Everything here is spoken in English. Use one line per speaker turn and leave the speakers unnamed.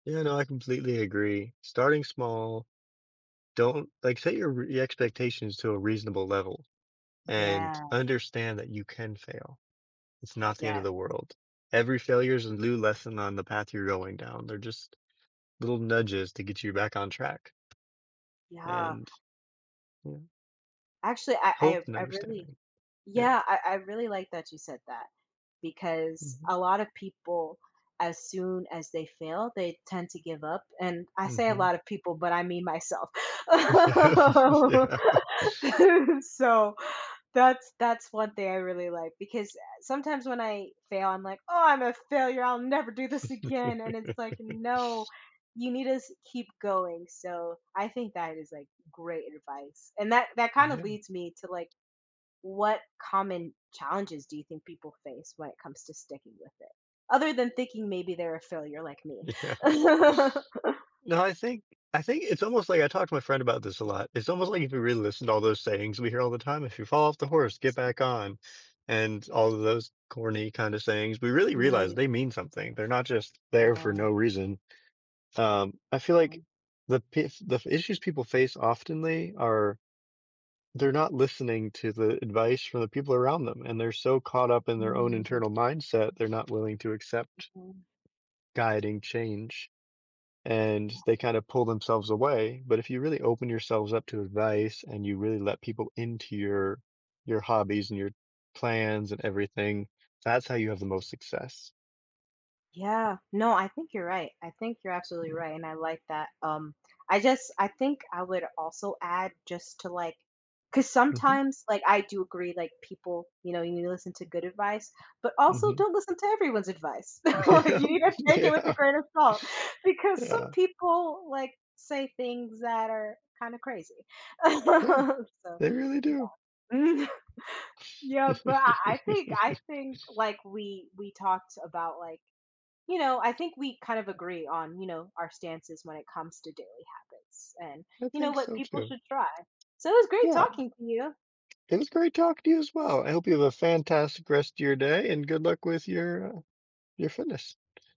Yeah, no, I completely agree. Starting small, don't, like, set your re your expectations to a reasonable level, and
Yeah.
understand that you can fail, it's not the end
Yeah.
of the world. Every failure is a new lesson on the path you're going down. They're just little nudges to get you back on track.
Yeah.
And, yeah.
Actually, I I
Hope and
I really
understanding, yeah.
yeah, I I really like that you said that, because
Mhm.
a lot of people, as soon as they fail, they tend to give up, and I say a
Mhm.
lot of people, but I mean myself.
Yeah, yeah.
So, that's that's one thing I really like, because a sometimes when I fail, I'm like, "Oh, I'm a failure. I'll never do this again." And it's like, no, you need to s keep going, so, I think that is like great advice. And that that kind of
Yeah.
leads me to like, what common challenges do you think people face when it comes to sticking with it? Other than thinking maybe they're a failure like me.
Yeah. No, I think I think it's almost like I talked to my friend about this a lot, It's almost like if you really listen to all those sayings we hear all the time, "If you fall off the horse, get back on", and all of those corny kind of sayings, we really realize
Mm.
they mean something. They're not just there for
Wow.
no reason. Um, I feel like
Mm.
the p the issues people face oftenly are they're not listening to the advice from the people around them, and they're so caught up in their own
Mhm.
internal mindset they're not willing to accept
Mhm.
guiding change, and they kind of pull themselves away. But if you really open yourselves up to advice and you really let people into your your hobbies and your plans and everything, that's how you have the most success.
Yeah, no, I think you're right, I think you're absolutely
Yeah.
right, and I like that, um, I just I think I would also add just to like 'cause
Mhm.
sometimes, like, I do agree, like, people, you know, you need to listen to good advice, but also
Mhm.
don't listen to everyone's advice. Like,
Yep,
you need to take it with a
yeah.
grain of salt, because some
Yeah.
people, like, say things that are kind of crazy.
Yeah,
So,
they really do.
yeah. Yeah, but I I think I think, like, we we talked about, like, you know I think we kind of agree on, you know, our stances when it comes to daily habits, and,
I
you know,
think
what
so
people
too.
should try. So, it was great
Yeah.
talking to you.
It was great talking to you as well. I hope you have a fantastic rest of your day and good luck with your, uh, your fitness.